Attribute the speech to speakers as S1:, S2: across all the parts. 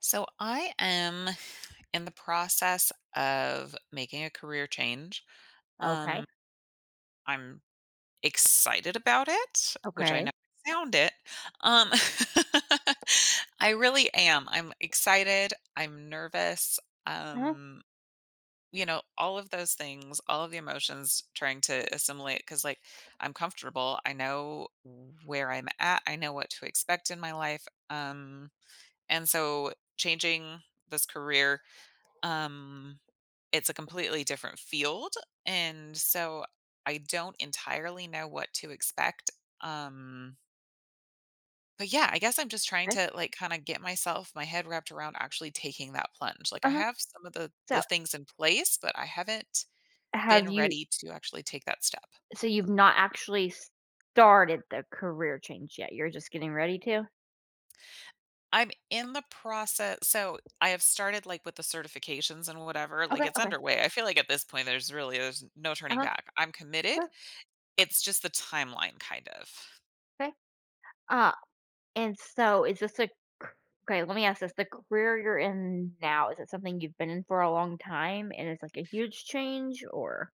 S1: So I am in the process of making a career change, um,
S2: Okay.
S1: I'm excited about it, which I ne
S2: Okay.
S1: found it, um I really am, I'm excited, I'm nervous,
S2: Uh-huh.
S1: um, you know, all of those things, all of the emotions trying to assimilate 'cause, like, I'm comfortable, I know where I'm at, I know what to expect in my life, um, and so changing this career, um it's a completely different field, and so I don't entirely know what to expect, um but, yeah, I guess I'm just trying
S2: 'Kay.
S1: to, like, kinda get myself my head wrapped around actually taking that plunge, like, I
S2: Uh-huh.
S1: have some of the
S2: So
S1: the things in place, but I haven't been
S2: have you
S1: ready to actually take that step.
S2: so you've not actually started the career change yet, you're just getting ready to?
S1: I'm in the process so I have started, like, with the certifications and whatever, like,
S2: Okay,
S1: it's
S2: okay.
S1: underway I feel like at this point, there's really, there's no turning
S2: Uh-huh.
S1: back. I'm committed,
S2: Okay.
S1: it's just the timeline kind of.
S2: 'Kay, uh, and so is this a c okay, let me ask this, the career you're in now, is it something you've been in for a long time and it's, like, a huge change? Or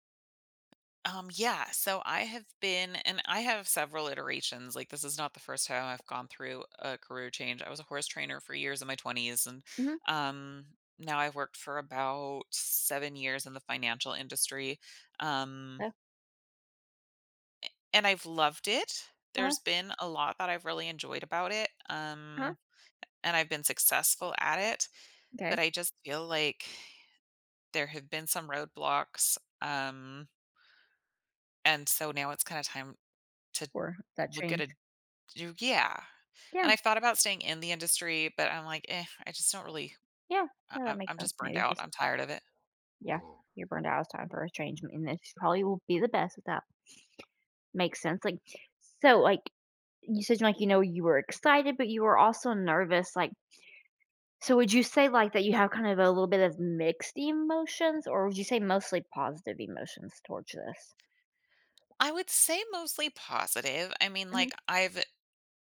S1: Um, yeah, so I have been and I have several iterations, like, this is not the 1st time I've gone through a career change. I was a horse trainer for years in my 20s, and,
S2: Mhm.
S1: um, now I've worked for about 7 years in the financial industry, um
S2: Yeah.
S1: a and I've loved it.
S2: Uh-huh.
S1: There's been a lot that I've really enjoyed about it,
S2: Uh-huh.
S1: um, a and I've been successful at it, but
S2: M'kay.
S1: I just feel like there have been some roadblocks, um and, so now it's kinda time to
S2: For that
S1: look at
S2: change.
S1: it to do yeah.
S2: Yeah.
S1: And I thought about staying in the industry, but I'm like, "Eh, I just don't really
S2: Yeah. No, that
S1: I
S2: makes
S1: I'm
S2: sense
S1: just burned
S2: maybe
S1: out.
S2: just
S1: I'm tired of it."
S2: Yeah, you're burned out, it's time for a change, and and this probably will be the best with that. Makes sense, like, so, like, you said, like, you know, you were excited, but you were also nervous. Like So, would you say, like, that you have kind of a little bit of mixed emotions, or would you say mostly positive emotions towards this?
S1: I would say mostly positive. I mean, like,
S2: Mhm.
S1: I've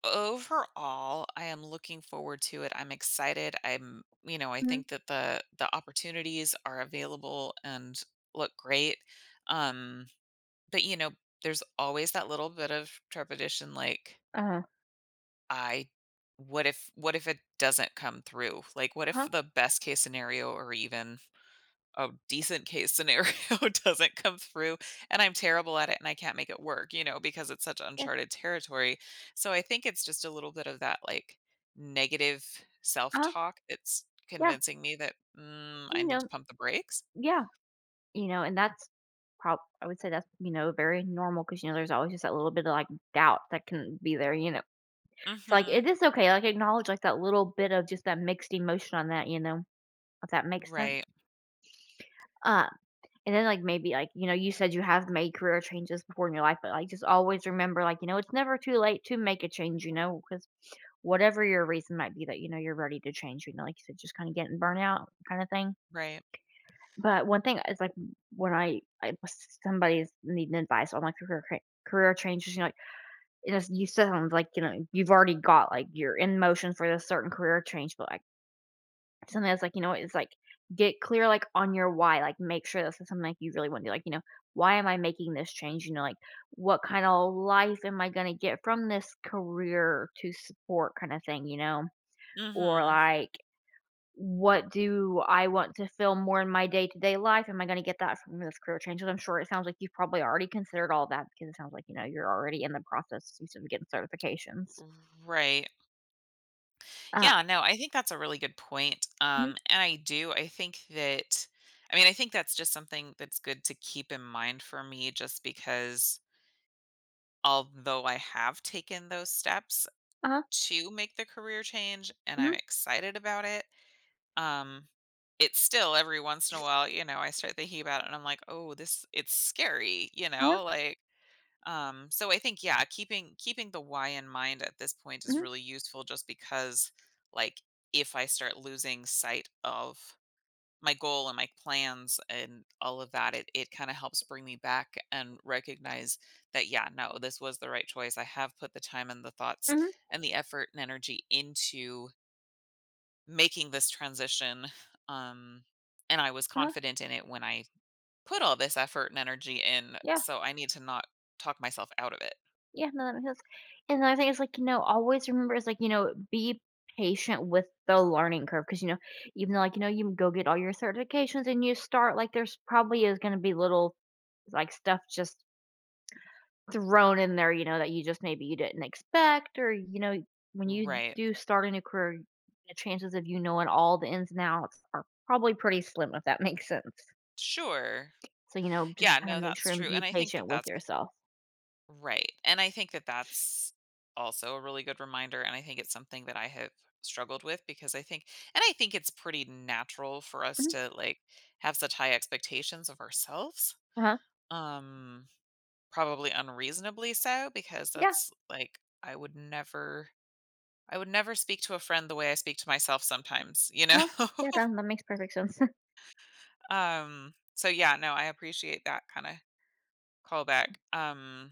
S1: overall, I am looking forward to it, I'm excited, I'm you know, I
S2: Mhm.
S1: think that the the opportunities are available, and look great, um, but, you know, there's always that little bit of trepidation like
S2: Uh-huh.
S1: I what if what if it doesn't come through? Like, what if
S2: Uh-huh.
S1: the best case scenario, or even a decent case scenario doesn't come through, and I'm terrible at it, and I can't make it work, you know, because it's such
S2: Yeah.
S1: uncharted territory? So, I think it's just a little bit of that, like, negative
S2: Uh-huh.
S1: self-talk that's
S2: Yeah.
S1: convincing me that, "Mm, I
S2: You
S1: need to
S2: know
S1: pump the brakes."
S2: yeah, you know, and that's prob I would say that's, you know, very normal 'cause, you know, there's always just that little bit of, like, doubt that can be there, you know? So, like,
S1: Mhm.
S2: if it's okay, like, acknowledge, like, that little bit of just that mixed emotion on that, you know? If that makes sense.
S1: Right.
S2: Uh, and then, like, maybe, like, you know, you said you have made career changes before in your life, but, like, just always remember, like, you know, it's never too late to make a change, you know? 'Cause whatever your reason might be that, you know, you're ready to change, you know, like you said, just kinda getting burnt out, kinda thing.
S1: Right.
S2: But 1 thing, uh, is, like, w when I I s somebody's needing advice on, like, career ca career changes, you know, like, you know s you still haven't, like, you know, you've already got, like you're in motion for this certain career change, but, like sometimes, like, you know, it's, like, get clear, like, on your why. Like, make sure this is something, like, you really wanna be, like, you know, "Why am I making this change?" You know? Like, "What kinda life am I gonna get from this career to support kinda thing?" You know? Or,
S1: Mhm.
S2: like, "What do I want to feel more in my day-to-day life? Am I gonna get that from this career change?" And I'm sure it sounds like you've probably already considered all that because it sounds like, you know, you're already in the processes of getting certifications.
S1: Right.
S2: Uh-huh.
S1: Yeah, no, I think that's a really good point, um,
S2: Mhm.
S1: and I do. I think that I mean, I think that's just something that's good to keep in mind for me just because although I have taken those steps
S2: Uh-huh.
S1: to make the career change, and
S2: Mhm.
S1: I'm excited about it, um, it's still every once in a while, you know, I start thinking about it, and I'm like, "Oh, this it's scary." You
S2: Uh-huh.
S1: know? Like, um, so I think, yeah, keeping keeping the why in mind at this point, is
S2: Mhm.
S1: really useful just because, like, if I start losing sight of my goal, and my plans, and all of that, it it kinda helps bring me back and recognize that, "Yeah, no, this was the right choice. I have put the time, and the thoughts,
S2: Mhm.
S1: and the effort, and energy into" "making this transition. Um, and I was
S2: Uh-huh.
S1: confident in it when I put all this effort and energy in."
S2: Yeah.
S1: so I need to not talk myself out of it.
S2: Yeah, no,. [unintelligible] And the other thing is, like, you know, always remember is, like, you know, be patient with the learning curve. 'Cause you know, even though, like, you know, you go get all your certifications and you start, like, there's probably is gonna be little, like, stuff just thrown in there, you know, that you just maybe you didn't expect or, you know, when you
S1: Right.
S2: do start a new career, the chances of you knowing all the ins and outs are probably pretty slim if that makes sense.
S1: Sure.
S2: So, you know just
S1: Yeah,
S2: kinda
S1: no,
S2: make
S1: that's
S2: sure, and
S1: true, and
S2: be
S1: I think that
S2: patient with
S1: that's p
S2: yourself.
S1: Right, and I think that that's also a really good reminder, and I think it's something that I have struggled with, because I think and I think it's pretty natural for us
S2: Mhm.
S1: to, like, have such high expectations of ourselves.
S2: Uh-huh.
S1: Um, probably unreasonably so, because
S2: Yeah.
S1: that's, like, I would never I would never speak to a friend the way I speak to myself sometimes. You know?
S2: Uh-huh, yeah, that that makes perfect sense.
S1: Um, so yeah, no, I appreciate that kinda callback, um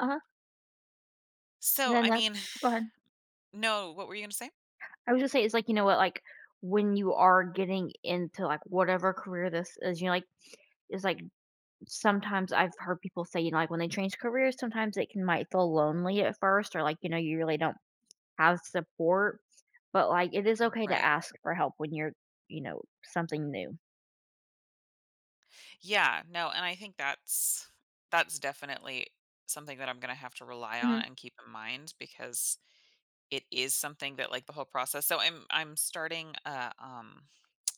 S2: Uh-huh. And
S1: So,
S2: then
S1: I
S2: that
S1: mean
S2: go ahead.
S1: No, what were you gonna say?
S2: I would just say it's like, you know what? Like, when you are getting into, like, whatever career this is, you know, like it's like sometimes I've heard people say, you know, like, when they change careers, sometimes it can might feel lonely at first or, like, you know, you really don't have support, but, like, it is okay to
S1: Right.
S2: ask for help when you're, you know, something new.
S1: Yeah, no, and I think that's that's definitely something that I'm gonna have to rely on
S2: Mhm.
S1: and keep in mind because it is something that, like, the whole process so I'm I'm starting uh, um,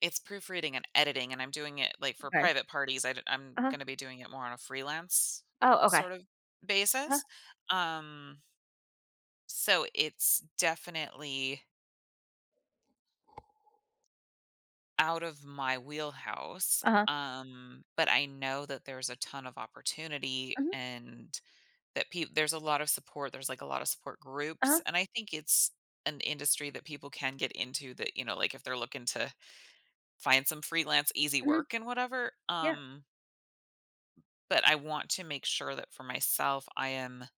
S1: it's proofreading and editing, and I'm doing it, like, for
S2: Okay.
S1: private parties. I'd I'm
S2: Uh-huh.
S1: gonna be doing it more on a freelance
S2: Oh, okay.
S1: sort of
S2: Uh-huh.
S1: basis. Um so it's definitely out of my wheelhouse,
S2: Uh-huh.
S1: um, but I know that there's a ton of opportunity
S2: Mhm.
S1: and that peop there's a lot of support. There's, like, a lot of support
S2: Uh-huh.
S1: groups, and I think it's an industry that people can get into that, you know, like, they're looking to find some freelance easy
S2: Mhm.
S1: work and whatever.
S2: Yeah.
S1: Um but I want to make sure that for myself, I am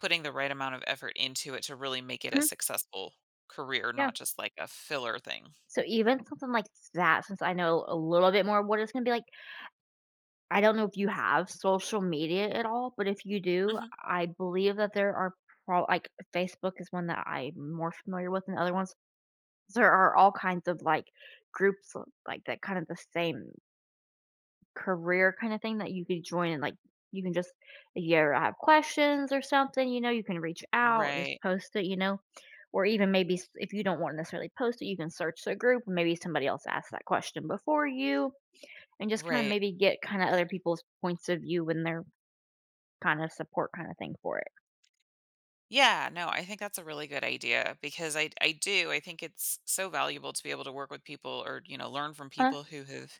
S1: putting the right amount of effort into it to really make it a
S2: Mhm.
S1: successful career,
S2: Yeah.
S1: not just like a filler thing.
S2: So even something like that, since I know a little bit more of what it's gonna be like I don't know if you have social media at all, but if you do,
S1: Mhm.
S2: I believe that there are pro like, Facebook is one that I'm more familiar with than other ones. There are all kinds of, like, groups, like, that kind of the same career kind of thing that you could join and, like, you can just, if you ever have questions or something, you know, you can reach out, just
S1: Right.
S2: post it, you know? Or even maybe s if you don't wanna necessarily post it, you can search the group. Maybe somebody else asked that question before you and just kind of
S1: Right.
S2: maybe get kinda other people's points of view when they're kinda support kinda thing for it.
S1: Yeah, no, I think that's a really good idea because I d I do, I think it's so valuable to be able to work with people or, you know, learn from
S2: Huh?
S1: people who have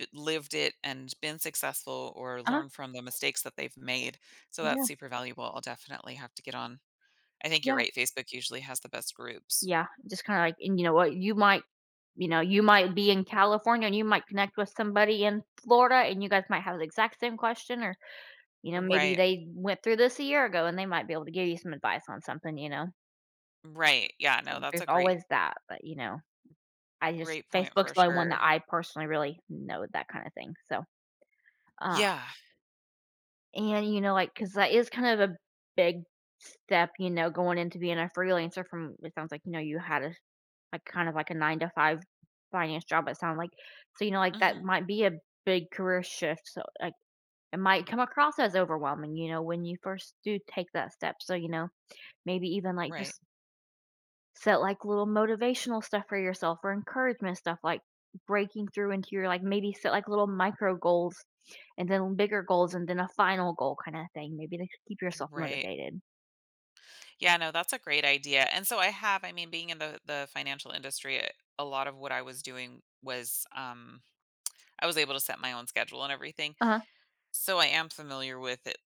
S1: i lived it and been successful or
S2: Uh-huh.
S1: learned from the mistakes that they've made, so
S2: Yeah.
S1: that's super valuable, I'll definitely have to get on I think you're
S2: Yeah.
S1: right, Facebook usually has the best groups.
S2: Yeah, just kinda like and you know what? You might you know, you might be in California and you might connect with somebody in Florida and you guys might have the exact same question or, you know, maybe
S1: Right.
S2: they went through this a year ago and they might be able to give you some advice on something, you know?
S1: Right, yeah, no, that's
S2: There's
S1: a great
S2: always that, but, you know. I just
S1: great point
S2: Facebook's
S1: for
S2: the one that
S1: sure.
S2: I personally really know that kinda thing, so, um.
S1: Yeah.
S2: And, you know, like, 'cause, like, it's kind of a big step, you know, going into being a freelancer from, it sounds like, you know, you had a, like, kind of, like, a 9-to-5 finance job, it sounded like, so, you know, like, that
S1: Mhm.
S2: might be a big career shift, so, like, it might come across as overwhelming, you know, when you first do take that step, so, you know, maybe even, like,
S1: Right.
S2: just set, like, little motivational stuff for yourself or encouragement stuff, like breaking through into your, like maybe set, like, little micro goals and then bigger goals and then a final goal kinda thing, maybe to keep yourself
S1: Right.
S2: motivated.
S1: Yeah, no, that's a great idea, and so I have I mean, being in the the financial industry, a a lot of what I was doing was, um I was able to set my own schedule and everything.
S2: Uh-huh.
S1: So I am familiar with it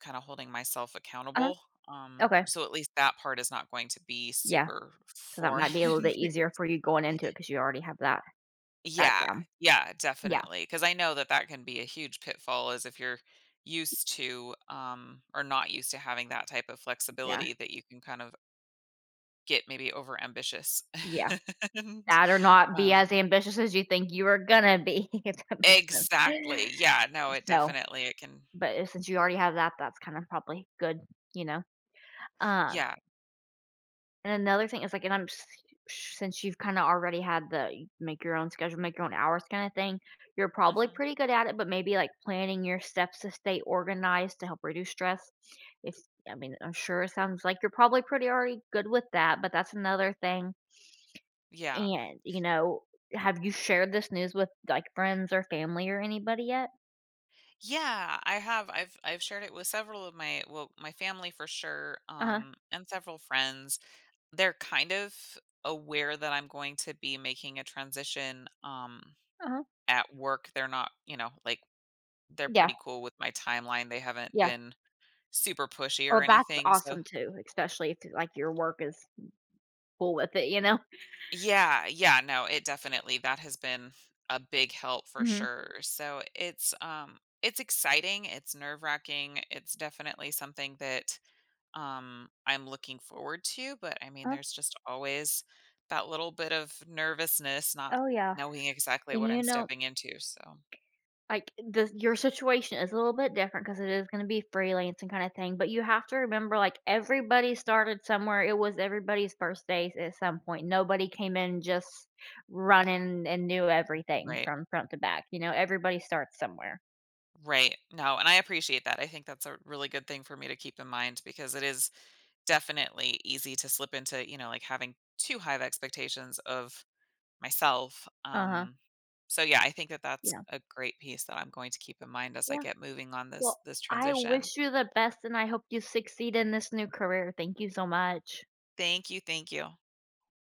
S1: kinda holding myself
S2: Uh-huh.
S1: accountable, um,
S2: Okay.
S1: so at least that part is not going to be
S2: Yeah.
S1: super
S2: So that
S1: foreign
S2: might be a little bit easier
S1: because
S2: for you going into it 'cause you already have that
S1: Yeah.
S2: background.
S1: Yeah,
S2: Yeah.
S1: definitely, 'cause I know that that can be a huge pitfall, is if you're used to, um, or not used to having that type of
S2: Yeah.
S1: flexibility that you can kind of get maybe over ambitious.
S2: Yeah.
S1: And,
S2: That or not be as
S1: um
S2: ambitious as you think you are gonna be, if that makes sense.
S1: Exactly, yeah, no, it
S2: So
S1: definitely, it can
S2: but, uh, since you already have that, that's kinda probably good. You know, um
S1: Yeah.
S2: And another thing is, like and I'm s since you've kinda already had the you make your own schedule, make your own hours kinda thing, you're probably
S1: Mhm.
S2: pretty good at it, but maybe, like, planning your steps to stay organized to help reduce stress. It's I mean, I'm sure it sounds like you're probably pretty already good with that, but that's another thing.
S1: Yeah.
S2: And, you know, have you shared this news with, like, friends or family or anybody yet?
S1: Yeah, I have, I've I've shared it with several of my well, my family for sure,
S2: Uh-huh.
S1: um, and several friends, they're kind of aware that I'm going to be making a transition, um,
S2: Uh-huh.
S1: at work, they're not, you know, like, they're
S2: Yeah.
S1: pretty cool with my timeline, they haven't
S2: Yeah.
S1: been super pushy
S2: Oh,
S1: or
S2: that's
S1: anything, so
S2: awesome too, especially if, like, your work is full with it, you know?
S1: Yeah, yeah, no, it definitely that has been a big help for
S2: Mhm.
S1: sure, so it's um, it's exciting, it's nerve racking, it's definitely something that, um, I'm looking forward to, but, I mean,
S2: Uh-huh.
S1: there's just always that little bit of nervousness not
S2: Oh, yeah.
S1: knowing exactly
S2: And,
S1: what
S2: you
S1: I'm
S2: know
S1: stepping into, so.
S2: Like, the your situation is a little bit different 'cause it is gonna be freelancing kinda thing, but you have to remember, like, everybody started somewhere, it was everybody's first days at some point, nobody came in just running and knew everything
S1: Right.
S2: from front to back, you know? Everybody starts somewhere.
S1: Right, no, and I appreciate that, I think that's a really good thing for me to keep in mind because it is definitely easy to slip into, you know, like, having too high expectations of myself,
S2: Uh-huh.
S1: um, so, yeah, I think that that's
S2: Yeah.
S1: a great piece that I'm going to keep in mind as I
S2: Yeah.
S1: get moving on this
S2: Well,
S1: this
S2: I
S1: transition.
S2: wish you the best and I hope you succeed in this new career, thank you so much.
S1: Thank you, thank you.